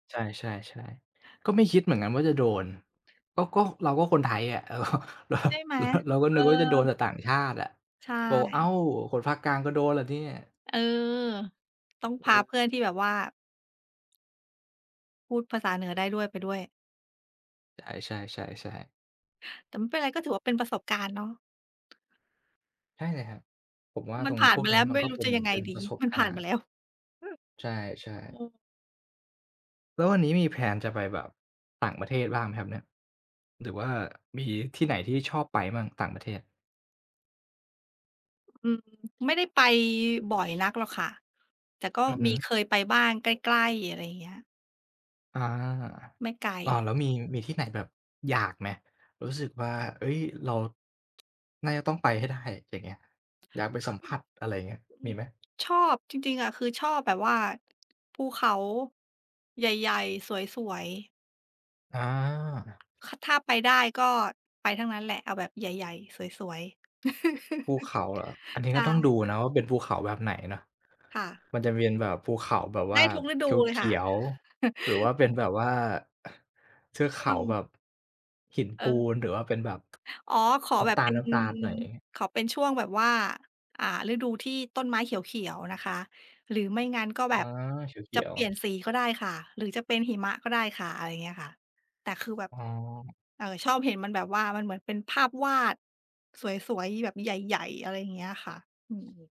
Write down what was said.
ใช่ ๆ ๆ ก็ไม่คิดเหมือนกันว่าจะโดน เออ ก็ ก็เราก็คนไทยอะ เออ เรา ใช่ไหม? เรา เราก็เอนึกว่าจะโดนแอ ต่ต่างชาติอะ ใชบอก "อ้า่ ว คนภาคกลางก็โดนเหรอเนี่ย?" เออ ต้องเพาอเพอ ื่อนที่แบบว่า พูดภาษาเหนือได้ด้วย ไปด้วย ใช่ ๆ ๆ ๆ แต่ไม่เป็นไร ก็ถือว่าเป็นประสบการณ์เนาะ ใช่เลยครับ ผมว่ามัตรนงผ่าพน วกมาเนแี้ล้ยว มัไนม่ก็รูเ้ป็จน ะยังไเงป็นดปี ระสบมันกผา่านรมณา์ แล้ว ใช่ อืๆ ม แล้ววันนี้มี แพลน จะไปแบบต่างประเทศบ้างไหมครับเนี่ย? หรือว่ามีที่ไหนที่ชอบไปบ้าง ต่างประเทศ? อืม ไม่ได้ไปบ่อยนักหรอกค่ะ แต่ก็อือฮมีึ เคยไปบ้าง ใกล้ ๆ อะไรเงี้ย อา ไม่ไกล อ้าว แล้วมี มีที่ไหนแบบอยากไหม รู้สึกว่า เฮ้ย เรา น่าจะต้องไปให้ได้ อย่างเงี้ย อยากไปสัมผัส อะไรเงี้ย อืมีอ ไหม? ชอบ จริง ๆ อะคือชอบแบบว่า ภูเขาใหญ่ ๆ สวย ๆ อา ค่ะ ถ้าไปได้ก็ไปทั้งนั้นแหละ เอาแบบใหญ่ ๆ สวย ๆ ภูเขาเหรอ อันนี้ใชก็ต้องดู่ นะว่าเป็นภูเขาแบบไหนเนาะ ค่ะ มันจะเวียนแบบภูเขาแบบไวด่้าทุกฤดูเลยเขคี่ะ ยว ๆ หรือว่าเป็นแบบว่าเทือกชเข่วาแง บบ หินเอปอ ูนหรือว่าเป็นแบบ อ๋อ ขอน้แบำตบ เป็น าล ๆ หน่อย ขอเป็นช่วงแบบว่า อ่า ฤดูที่ต้นไม้เขียว ๆ นะคะ หรือไม่งั้นก็อแ๋บอ บเขจะียเปว ลี่ยๆ นสีก็ได้ค่ะ หรือจะเป็นหิมะก็ได้ค่ะ อะไรเงี้ยค่ะ แต่คือแบบ อ๋อ เอ่อ ชอบเห็นมันแบบว่ามันเหมือนเป็นภาพวาดสวย ๆ แบบใหญ่ ๆ อะไรเงี้ยค่ะ อือ